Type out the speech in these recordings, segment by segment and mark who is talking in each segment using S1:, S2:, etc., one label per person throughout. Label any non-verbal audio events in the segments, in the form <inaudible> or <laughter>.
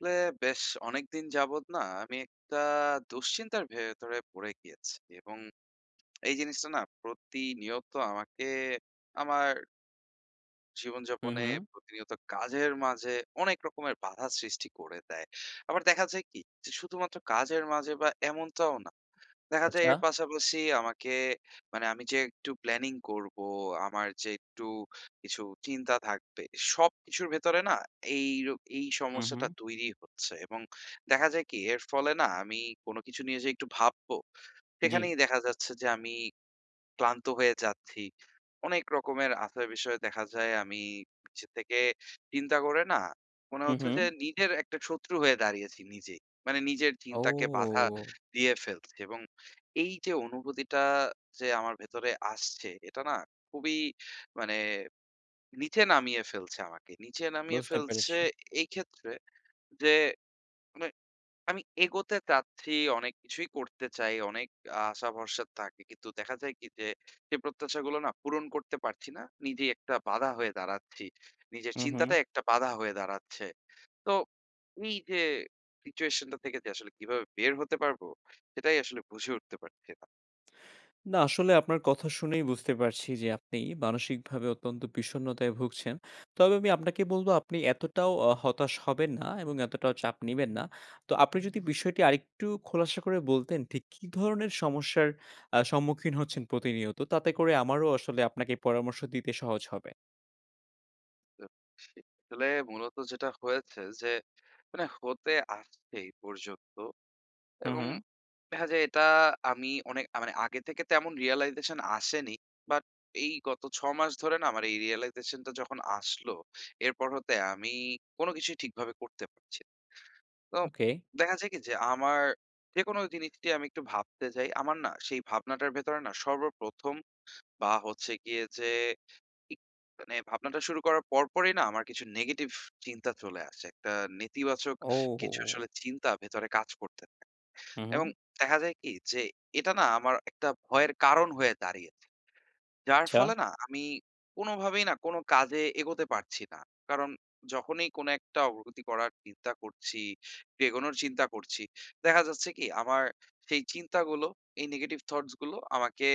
S1: অ্যা বেশ অনেকদিন যাবত না, আমি একটা দুশ্চিন্তার ভেতরে পড়ে গিয়েছি এবং এই জিনিসটা না, প্রতিনিয়ত আমাকে আমার
S2: হু
S1: জীবনযাপনে
S2: হু।
S1: প্রতিনিয়ত কাজের মাঝে অনেক রকমের বাধা সৃষ্টি করে দেয়। আবার দেখা যায় কি যে, শুধুমাত্র কাজের মাঝে, এমনটাও না। দেখা যায়,
S2: আচ্ছা।
S1: এর পাশাপাশি আমাকে মানে আমি যে একটু প্ল্যানিং করব, আমার যে একটু কিছু চিন্তা থাকবে, সব কিছুর ভেতরে না, এই রো এই
S2: হু
S1: সমস্যাটা
S2: হু।
S1: তৈরি হচ্ছে। এবং দেখা যায় কি, এর ফলে না, আমি কোনো কিছু নিয়ে যে একটু ভাববো,
S2: জি।
S1: সেখানেই দেখা যাচ্ছে যে আমি ক্লান্ত হয়ে যাচ্ছি। অনেক রকমের আছে বিষয়ে দেখা যায় আমি পিছে থেকে চিন্তা করে না, মনে
S2: হু
S1: হচ্ছে
S2: হু।
S1: যে, নিজের একটা শত্রু হয়ে দাঁড়িয়েছি নিজেই। মানে নিজের চিন্তাকে বাধা
S2: অউ
S1: দিয়ে ফেলছি। এবং এই যে অনুভূতিটা যে আমার ভেতরে আসছে, এটা না খুবই মানে নিচে নামিয়ে ফেলছে আমাকে। নিচে নামিয়ে
S2: বুঝতে
S1: ফেলছে
S2: পেরেছি।
S1: এই ক্ষেত্রে যে, মানে আমি এগোতে চাচ্ছি, অনেক কিছুই করতে চাই, অনেক আশা-ভরসা থাকে। কিন্তু দেখা যায় কি যে, সে প্রত্যাশাগুলো না পূরণ করতে পারছি না। নিজেই একটা বাধা হয়ে দাঁড়াচ্ছি। নিজের
S2: হু হু।
S1: চিন্তাটাই একটা বাধা হয়ে দাঁড়াচ্ছে। তো এই যে সিচুয়েশনটা থেকে যে আসলে কিভাবে বের হতে পারব, সেটাই আসলে বুঝে উঠতে পারছি না।
S2: না আসলে আপনার কথা শুনেই বুঝতে পারছি যে আপনি মানসিকভাবে অত্যন্ত বিষন্নতায় ভুগছেন। তবে আমি আপনাকে বলবো, আপনি এতটাও অ হতাশ হবেন না এবং এতটাও চাপ নিবেন না। তো আপনি যদি বিষয়টি আরেকটু খোলাসা করে বলতেন, ঠিক কি ধরনের সমস্যার অ্যা সম্মুখীন হচ্ছেন প্রতিনিয়ত? তাতে করে আমারও আসলে আপনাকে পরামর্শ দিতে সহজ হবে।
S1: আ সি আসলে মূলত যেটা হয়েছে যে, মানে হতে আসছে এই পর্যন্ত
S2: হুম,
S1: এবং
S2: হুম।
S1: দেখা যায় এটা আমি অনেক আ মানে আগে থেকে তেমন realization আসেনি, বাট এই গত ৬ মাস ধরে না আমার এই realization টা যখন আসলো, এরপর হতে আমি কোনো কিছুই ঠিকভাবে করতে পারছি না। তো
S2: ওকে।
S1: দেখা যায় কি, যে আমার যেকোনো জিনিসটি আমি একটু ভাবতে যাই, আমার না সেই ভাবনাটার ভেতরে না সর্বপ্রথম বা হচ্ছে গিয়ে যে ই মানে ভাবনাটা শুরু করার পরপরই না আমার কিছু negative চিন্তা চলে আসে, একটা নেতিবাচক কিছু
S2: ওহো!
S1: আসলে চিন্তা ভেতরে কাজ করতে থাকে
S2: হু,
S1: এবং
S2: হুম।
S1: দেখা যায় কি, যে এটা না আমার একটা ভয়ের কারণ হয়ে দাঁড়িয়েছে। যার
S2: আচ্ছা।
S1: ফলে না, আমি কোনোভাবেই না কোনো কাজে এগোতে পারছি না, কারণ যখনই কোনো একটা অগ্রগতি করার চিন্তা করছি, একটু এগোনোর চিন্তা করছি, দেখা যাচ্ছে কি আমার সেই চিন্তাগুলো, এই negative thoughts গুলো আমাকে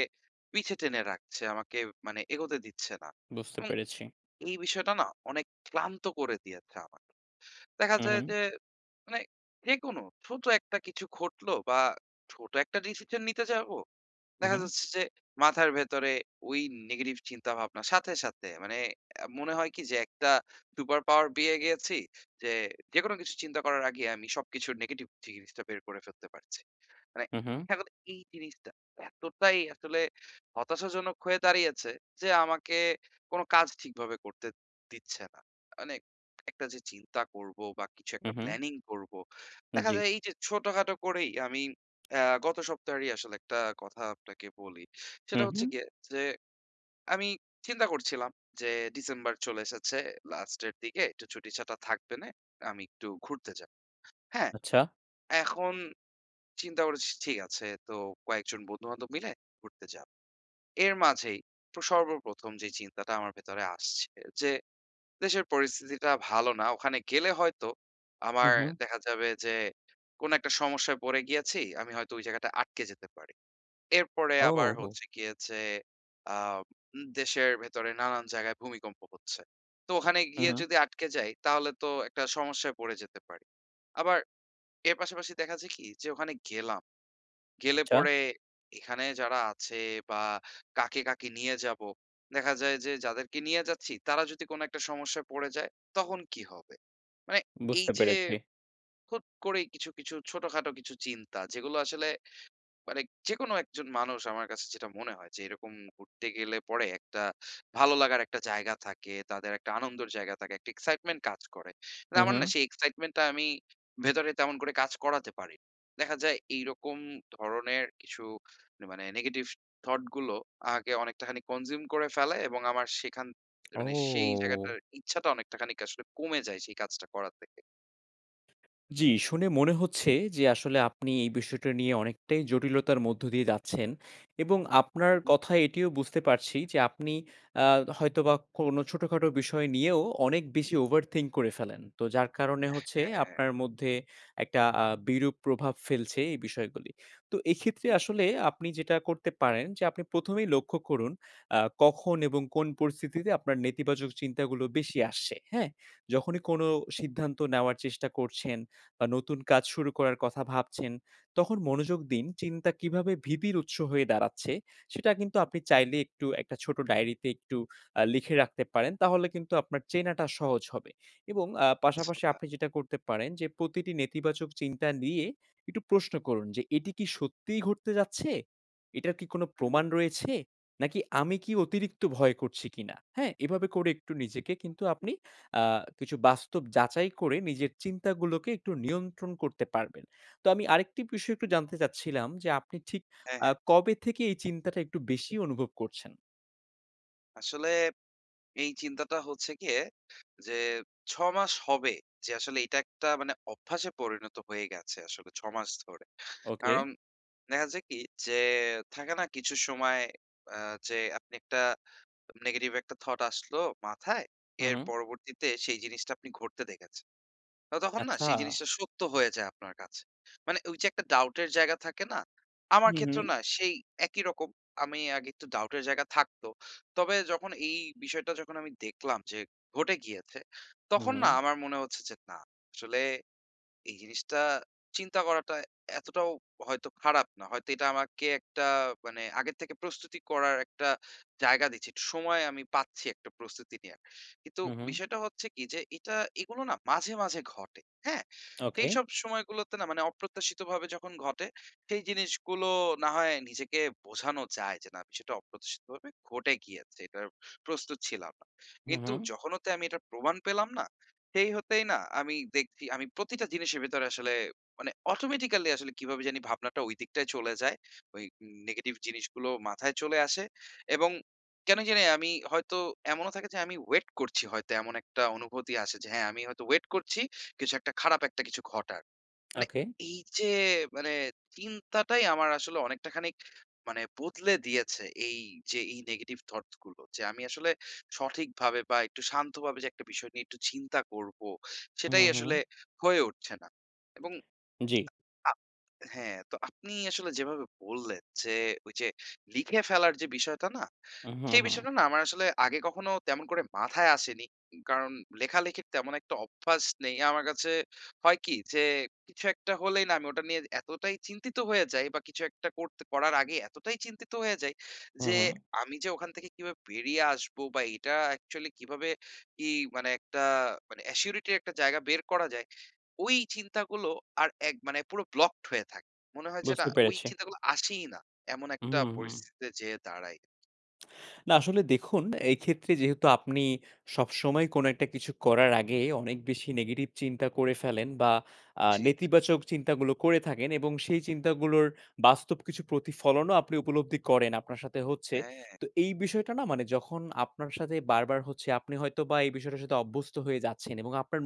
S1: পিছে টেনে রাখছে, আমাকে মানে এগোতে দিচ্ছে না
S2: বুঝতে
S1: এবং
S2: পেরেছি।
S1: এই বিষয়টা না অনেক ক্লান্ত করে দিয়েছে আমাকে। দেখা
S2: হুম,
S1: যায়
S2: হুম।
S1: যে মানে যেকোনো, ছোট একটা কিছু ঘটলো বা ছোট একটা decision নিতে যাবো, দেখা
S2: উহুম।
S1: যাচ্ছে যে, মাথার ভেতরে ওই negative চিন্তাভাবনা সাথে, সাথে মানে অ্যা মনে হয় কি যে একটা super power পেয়ে গিয়েছি যে, যেকোনো কিছু চিন্তা করার আগেই আমি সবকিছুর negative জি জিনিসটা বের করে ফেলতে পারছি। মানে
S2: হু, হুম।
S1: <unintelligible> এই জিনিসটা এতটাই আসলে হতাশাজনক হয়ে দাঁড়িয়েছে যে, আমাকে কোনো কাজ ঠিকভাবে করতে দিচ্ছে না। মানে একটা যে চিন্তা করবো বা কিছু একটা
S2: হুম, হুম।
S1: planning করবো,
S2: উম,
S1: দেখা
S2: ‍জি।
S1: যায় এইযে ছোটখাটো করেই আমি অ্যাঁ গত সপ্তাহেরই আসলে একটা কথা আপনাকে বলি,
S2: হু,
S1: সেটা হচ্ছে
S2: হুম।
S1: গিয়ে যে, আমি চিন্তা করছিলাম যে, December চলে এসেছে, last এর দিকে একটু ছুটিছাটা থাকবেনে, আমি একটু ঘুরতে যাব। হ্যাঁ,
S2: আচ্ছা।
S1: এখন চিন্তা করেছি ঠিক আছে, তো কয়েকজন বন্ধু-বান্ধব মিলে ঘুরতে যাব। এর মাঝেই প্র সর্বপ্রথম যেই চিন্তাটা আমার ভেতরে আসছে যে, দেশের পরিস্থিতিটা ভালো না, ওখানে গেলে হয়তো
S2: হু,
S1: আমার
S2: হুম।
S1: দেখা যাবে যে, কোনো একটা সমস্যায় পড়ে গিয়েছি, আমি হয়তো ওই জায়গাটায় আটকে যেতে পারি। এরপরে আবার
S2: ওহো!
S1: হচ্ছে গিয়ে যে, আ উম দেশের ভেতরে নানান জায়গায় ভূমিকম্প হচ্ছে। তো ওখানে
S2: হুম,
S1: গিয়ে
S2: হুম।
S1: যদি আটকে যাই, তাহলে তো একটা সমস্যায় পড়ে যেতে পারি, আবার এর পাশাপাশি দেখা যায় কি যে ওখানে গেলাম, গেলে
S2: আচ্ছা।
S1: পরে এখানে যারা আছে বা কাকে, কাকে নিয়ে যাব, দেখা যায় যে যাদেরকে নিয়ে যাচ্ছি, তারা যদি কোনো একটা সমস্যায় পড়ে যায়, তখন কি হবে? মানে
S2: বুঝতে
S1: এইযে,
S2: পেরেছি।
S1: হুট করেই কিছু, কিছু ছোটখাটো কিছু চিন্তা, যেগুলো আসলে মানে যেকোনো একজন মানুষ আমার কাছে যেটা মনে হয় যে, এরকম ঘুরতে গেলে পরে একটা ভালো লাগার একটা জায়গা থাকে, তাদের একটা আনন্দর জায়গা থাকে, একটা excitement কাজ করে। মানে
S2: হুম,
S1: আমার না
S2: হুম।
S1: সেই excitement টা আমি ভেতরে তেমন করে কাজ করাতে পারি। দেখা যায় এইরকম ধরনের কিছু না মানে negative thought গুলো আমাকে অনেকটাখানি consume করে ফেলে এবং আমার সেখান এ মানে সেই
S2: ও।
S1: জায়গাটার ইচ্ছাটা অনেকটা খানিক আসলে কমে যায় সেই কাজটা করা থেকে।
S2: জি, শুনে মনে হচ্ছে যে আসলে আপনি এই বিষয়টা নিয়ে অনেকটাই জটিলতার মধ্য দিয়ে যাচ্ছেন এবং আপনার
S1: হু, হু।
S2: কথায় এটিও বুঝতে পারছি যে আপনি আ তো হয়তোবা কোন ছোটখাটো বিষয় নিয়েও অনেক বেশি overthink করে ফেলেন। তো যার কারণে হচ্ছে
S1: অ্যা হ্যাঁ।
S2: আপনার মধ্যে একটা আ বিরূপ প্রভাব ফেলছে এই বিষয়গুলি। তো এক্ষেত্রে
S1: উহু।
S2: আসলে আপনি যেটা করতে পারেন যে, আপনি ১ম এই লক্ষ্য করুন আ কখন এবং কোন পরিস্থিতিতে আপনার নেতিবাচক চিন্তাগুলো বেশি আসছে? হ্যাঁ,
S1: উহু।
S2: যখনই কোনো সিদ্ধান্ত নেওয়ার চেষ্টা করছেন বা নতুন কাজ শুরু করার কথা ভাবছেন তখন মনোযোগ দিন। চিন্তা কিভাবে ভীতির উৎস হয়ে দাঁড়াচ্ছে? সেটা কিন্তু
S1: উহু।
S2: আপনি চাইলে একটু একটা ছোট ডায়েরিতে একটু আ লিখে রাখতে পারেন, তাহলে কিন্তু আপনার চেনাটা সহজ হবে এবং আ পাশাপাশি
S1: আচ্ছা।
S2: আপনি যেটা করতে পারেন যে, প্রতিটি নেতিবাচক চিন্তা নিয়ে একটু প্রশ্ন করুন যে, এটি কি সত্যিই ঘটতে যাচ্ছে? এটার কি কোনো
S1: হুম, হু।
S2: প্রমাণ রয়েছে? নাকি আমি কি অতিরিক্ত ভয় করছি কিনা? হ্যাঁ, এভাবে করে একটু নিজেকে কিন্তু
S1: উহু।
S2: আপনি আ কিছু বাস্তব যাচাই করে নিজের চিন্তাগুলোকে একটু নিয়ন্ত্রণ করতে পারবেন। তো আমি আরেকটি বিষয় একটু
S1: হুম।
S2: জানতে চাচ্ছিলাম যে আপনি ঠিক
S1: হ্যাঁ,
S2: আ
S1: হ্যাঁ।
S2: কবে থেকে এই চিন্তাটা একটু বেশি অনুভব করছেন?
S1: আসলে, এই চিন্তাটা হচ্ছে গিয়ে যে, ৬ মাস হবে যে, আসলে এটা একটা মানে অভ্যাসে পরিণত হয়ে গেছে। আসলে ৬ মাস ধরে।
S2: ওকে।
S1: আরাম দেখা যায় কি যে থাকে না কিছু সময় আ যে আপনি একটা negative একটা thought আসলো মাথায়,
S2: হুম,
S1: এর
S2: হুম।
S1: পরবর্তীতে সেই জিনিসটা আপনি ঘটতে দেখেছেন। তো তখন না সেই
S2: আচ্ছা।
S1: জিনিসটা সত্য হয়ে যায় আপনার কাছে। মানে ঐ যে একটা doubt-এর জায়গা থাকে না? আমার
S2: হুম,
S1: ক্ষেত্রেও
S2: হুম।
S1: না সেই একই রকম। আমি আগে একটু doubt-এর জায়গা থাকতো। তবে যখন এই বিষয়টা যখন আমি দেখলাম যে, ঘটে গিয়েছে, তখন না
S2: হুম।
S1: আমার মনে হচ্ছে যে না। আসলে এই জিনিসটা চিন্তা করাটা এতটাও হয়তো খারাপ না। হয়তো এটা আমাকে একটা মানে আগে থেকে প্রস্তুতি করার একটা জায়গা দিচ্ছে। একটু সময় আমি পাচ্ছি, একটা প্রস্তুতি নেয়ার। কিন্তু
S2: হুম, হুম।
S1: বিষয়টা হচ্ছে কি? যে এটা এগুলো না মাঝে মাঝে ঘটে। হ্যাঁ?
S2: ওকে।
S1: সেইসব সময়গুলোতে না মানে অপ্রত্যাশিতভাবে যখন ঘটে, সেই জিনিসগুলো না হয় নিজেকে বোঝানো যায়। যে না বিষয়টা অপ্রত্যাশিতভাবে ঘটে গিয়েছে, এটার প্রস্তুত ছিলাম না।
S2: হুম,
S1: কিন্তু
S2: হুম।
S1: যখন হতে আমি এটার প্রমাণ পেলাম না? সেই হতেই না, আমি দেখছি, আমি প্রতিটা জিনিসের ভেতরে আসলে মানে automatically আসলে কিভাবে জানি ভাবনাটা ওই দিকটাই চলে যায়। ওই negative জিনিসগুলো মাথায় চলে আসে এবং কেন জানি আমি হয়তো এমনও থাকে যে আমি wait করছি। হয়তো এমন একটা অনুভূতি আসে যে, হ্যাঁ। আমি হয়তো wait করছি, কিছু একটা খারাপ একটা কিছু ঘটার। মানে
S2: ওকে।
S1: এই যে মানে চিন্তাটাই আমার আসলে অনেকটা খানিক মানে, বদলে দিয়েছে এই যে এই negative thoughts গুলো। যে আমি আসলে সঠিকভাবে বা একটু শান্তভাবে যে একটা বিষয় নিয়ে একটু চিন্তা করব।
S2: হুম,
S1: সেটাই আসলে
S2: হুম।
S1: হয়ে উঠছে না এবং
S2: জ্বী।
S1: আ হ্যাঁ। তো আপনি আসলে যেভাবে বললেন, "যে ওই যে লিখে ফেলার যে বিষয়টা না",
S2: উহু,
S1: সেই
S2: হুম।
S1: বিষয়টা না আমার আসলে আগে কখনো তেমন করে মাথায় আসেনি। কারণ লেখালেখির তেমন একটা অভ্যাস নেই আমার কাছে। হয় কি? যে কিছু একটা হলেই না আমি ওটা নিয়ে এতটাই চিন্তিত হয়ে যাই বা কিছু একটা করতে করার আগেই এতটাই চিন্তিত হয়ে যাই,
S2: হুম,
S1: যে
S2: হুম।
S1: আমি যে ওখান থেকে কিভাবে বেরিয়ে আসবো বা এটা actually কিভাবে ই মানে একটা মানে অ্যাসিউরিটি র একটা জায়গা বের করা যায়, ওই চিন্তাগুলো আর এক মানে, পুরো blocked হয়ে থাকে। মনে হয় যে, না।
S2: বুঝতে
S1: ওই
S2: পেরেছি।
S1: চিন্তাগুলো আসেই না, এমন
S2: উহু,
S1: একটা
S2: হুম।
S1: পরিস্থিতিতে যেয়ে দাঁড়াই।
S2: না আসলে দেখুন, এই ক্ষেত্রে যেহেতু আপনি সবসময় কোনো একটা কিছু করার আগে অনেক বেশি নেগাটিভ চিন্তা করে ফেলেন বা আ
S1: জি, জি।
S2: নেতিবাচক চিন্তাগুলো করে থাকেন এবং সেই চিন্তাগুলোর বাস্তব কিছু প্রতিফলনও আপনি উপলব্ধি করেন, আপনার সাথে হচ্ছে।
S1: হ্যাঁ।
S2: তো এই বিষয়টা না মানে যখন আপনার সাথে বারবার হচ্ছে, আপনি হয়তোবা এই বিষয়ের সাথে অভ্যস্ত হয়ে যাচ্ছেন এবং আপনার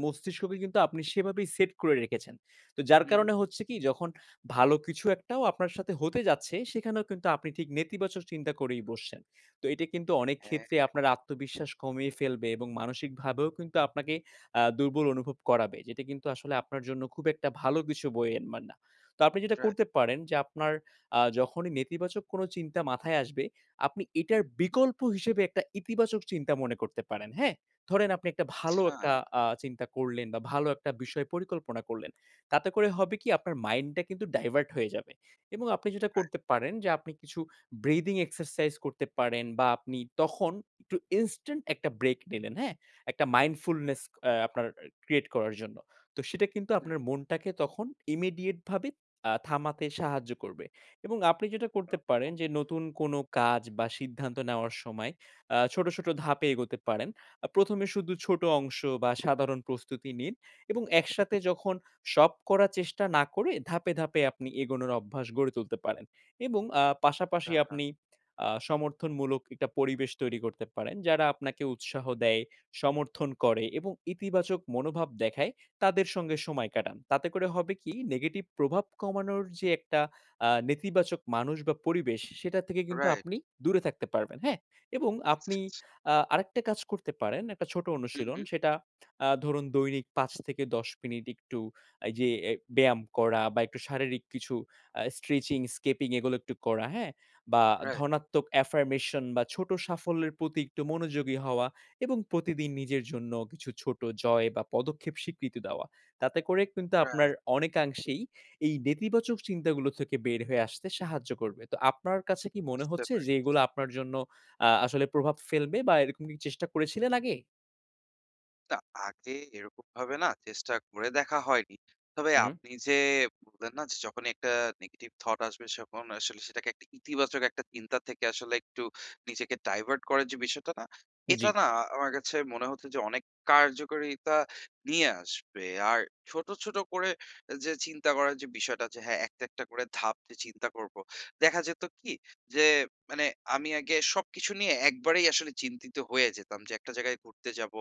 S1: জি।
S2: মস্তিষ্ককে কিন্তু আপনি সেভাবেই সেট করে রেখেছেন। তো যার
S1: হু, হু।
S2: কারণে হচ্ছে কি, যখন ভালো কিছু একটাও আপনার সাথে হতে যাচ্ছে সেখানেও কিন্তু আপনি ঠিক নেতিবাচক চিন্তা করেই বসছেন। তো এটা কিন্তু অনেক
S1: হ্যাঁ,
S2: ক্ষেত্রে
S1: হ্যাঁ।
S2: আপনার আত্মবিশ্বাস কমিয়ে ফেলবে এবং মানসিকভাবেও কিন্তু আপনাকে আ দুর্বল অনুভব করাবে। যেটা কিন্তু আসলে আপনার জন্য খুব একটা ভালো কিছু বয়ে আনবে না। তো আপনি যেটা
S1: রা
S2: করতে পারেন যে, আপনার আ যখনই নেতিবাচক কোনো চিন্তা মাথায় আসবে, আপনি
S1: হু।
S2: এটার বিকল্প হিসেবে একটা ইতিবাচক চিন্তা মনে করতে পারেন, হ্যাঁ? ধরেন আপনি একটা ভালো
S1: আচ্ছা।
S2: একটা আ চিন্তা করলেন বা ভালো একটা বিষয় পরিকল্পনা করলেন। তাতে করে হবে কি, আপনার মাইন্ডটা কিন্তু ডাইভার্ট হয়ে যাবে এবং আপনি যেটা
S1: রাই
S2: করতে পারেন যে, আপনি কিছু ব্রিদিং এক্সারসাইজ করতে পারেন বা আপনি তখন একটু ইনস্ট্যান্ট একটা ব্রেক নিলেন, হ্যাঁ? একটা মাইন্ডফুলনেস আ-আপনার ক্রিয়েট করার জন্য। তো সেটা কিন্তু
S1: হুম।
S2: আপনার মনটাকে তখন ইমিডিয়েট ভাবে আ থামাতে সাহায্য করবে এবং আপনি যেটা করতে পারেন যে, নতুন কোনো কাজ বা সিদ্ধান্ত নেওয়ার সময় আ ছোট, ছোট ধাপে এগোতে পারেন। আ ১ম এ শুধু ছোট অংশ বা সাধারণ প্রস্তুতি নিন এবং একসাথে যখন সব করার চেষ্টা না করে ধাপে, ধাপে আপনি এগোনোর অভ্যাস গড়ে তুলতে পারেন এবং আ পাশাপাশি
S1: <unintelligible>
S2: আপনি আ সমর্থনমূলক একটা পরিবেশ তৈরি করতে পারেন। যারা আপনাকে উৎসাহ দেয়, সমর্থন করে এবং ইতিবাচক মনোভাব দেখায় তাদের সঙ্গে সময় কাটান। তাতে করে হবে কি, নেগেটিভ প্রভাব কমানোর যে একটা আ নেতিবাচক মানুষ বা পরিবেশ সে সেটা থেকে কিন্তু
S1: রাইট।
S2: আপনি দূরে থাকতে পারবেন, হ্যাঁ? এবং
S1: আচ্ছা,
S2: আপনি
S1: আচ্ছা।
S2: আ আরেকটা কাজ করতে পারেন, একটা ছোট
S1: হুম,
S2: অনুশীলন।
S1: হুম।
S2: সেটা আ ধরুন দৈনিক ৫ থেকে ১০ মিনিট একটু এই যে অ্যা ব্যায়াম করা বা একটু শারীরিক কিছু আ স্ট্রেচিং, স্কিপিং এগুলো একটু করা, হ্যাঁ? বা
S1: রাইট।
S2: ধনাত্মক আফারমেশন বা ছোট সাফল্যের প্রতি একটু মনোযোগী হওয়া এবং প্রতিদিন নিজের জন্য কিছু ছোট জয় বা পদক্ষেপ স্বীকৃতি দেওয়া। তাতে করে কিন্তু আপনার
S1: রাইট।
S2: অনেকাংশেই এই নেতিবাচক চিন্তাগুলো থেকে বের হয়ে আসতে সাহায্য করবে। তো আপনার কাছে কি মনে
S1: বুঝতে
S2: হচ্ছে যে,
S1: পারছি।
S2: এগুলা আপনার জন্য আ-আসলে প্রভাব ফেলবে বা এরকম কি চেষ্টা করেছিলেন আগে?
S1: তা আগে এরকমভাবে না চেষ্টা করে দেখা হয়নি। তবে
S2: হুম।
S1: আপনি যে বললেন না যে যখনই একটা negative thought আসবে তখন আসলে সেটাকে একটা ইতিবাচক একটা চিন্তা থেকে আসলে একটু নিজেকে divert করার যে বিষয়টা না, এটা
S2: জি।
S1: না আমার কাছে মনে হচ্ছে যে অনেক কার্যকারিতা নিয়ে আসবে। আর ছোট, ছোট করে যে চিন্তা করার যে বিষয়টা যে হ্যাঁ, একটা, একটা করে ধাপ যে চিন্তা করব। দেখা যেত কি যে মানে আমি আগে সবকিছু নিয়ে একবারেই আসলে চিন্তিত হয়ে যেতাম যে একটা জায়গায় ঘুরতে যাব,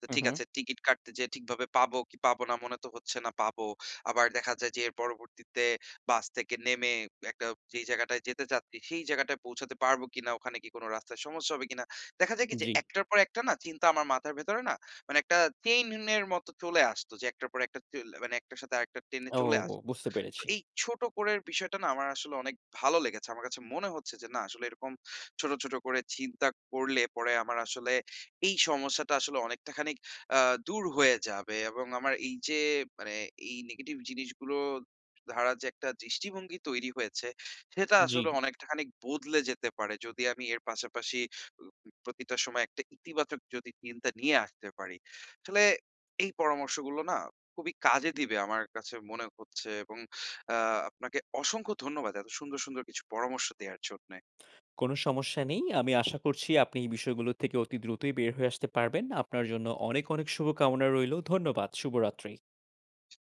S1: তো
S2: হুম,
S1: ঠিক
S2: হুম।
S1: আছে টিকিট কাটতে যেয়ে ঠিকভাবে পাবো কি পাবো না মনে তো হচ্ছে না পাবো। আবার দেখা যায় যে এর পরবর্তীতে বাস থেকে নেমে একটা যেই জায়গাটায় যেতে চাচ্ছি সেই জায়গাটায় পৌঁছাতে পারব কিনা, ওখানে কি কোন রাস্তায় সমস্যা হবে কিনা। দেখা যায় কি যে
S2: জি।
S1: একটার পর একটা না চিন্তা আমার মাথার ভেতরে না মানে একটা chain-এর মতো চলে আসতো যে একটার পর একটা চল মানে একটার সাথে আরেকটা chain-এ
S2: ও
S1: চলে আসতো।
S2: বুঝতে
S1: তো
S2: পেরেছি।
S1: এই ছোট করে বিষয়টা না আমার আসলে অনেক ভালো লেগেছে। আমার কাছে মনে হচ্ছে যে না আসলে এরকম ছোট, ছোট করে চিন্তা করলে পরে আমার আসলে এই সমস্যাটা আসলে অনেকটা খানিক, আ দূর হয়ে যাবে এবং আমার এই যে মানে এই negative জিনিসগুলো ধারা যে একটা দৃষ্টিভঙ্গি তৈরি হয়েছে সেটা আসলে
S2: জি।
S1: অনেকটা খানিক বদলে যেতে পারে যদি আমি এর পাশাপাশি ও উ প্রতিটা সময় একটা ইতিবাচক যদি চিন্তা নিয়ে আসতে পারি। আসলে এই পরামর্শগুলো না খুবই কাজে দিবে আমার কাছে মনে হচ্ছে এবং আ আপনাকে অসংখ্য ধন্যবাদ এত সুন্দর, সুন্দর কিছু পরামর্শ দেয়ার জন্যে।
S2: কোন সমস্যা নেই। আমি আশা করছি আপনি এই বিষয়গুলো থেকে অতি দ্রুতই বের হয়ে আসতে পারবেন আপনার জন্য অনেক, অনেক শুভকামনা রইল ধন্যবাদ শুভরাত্রি।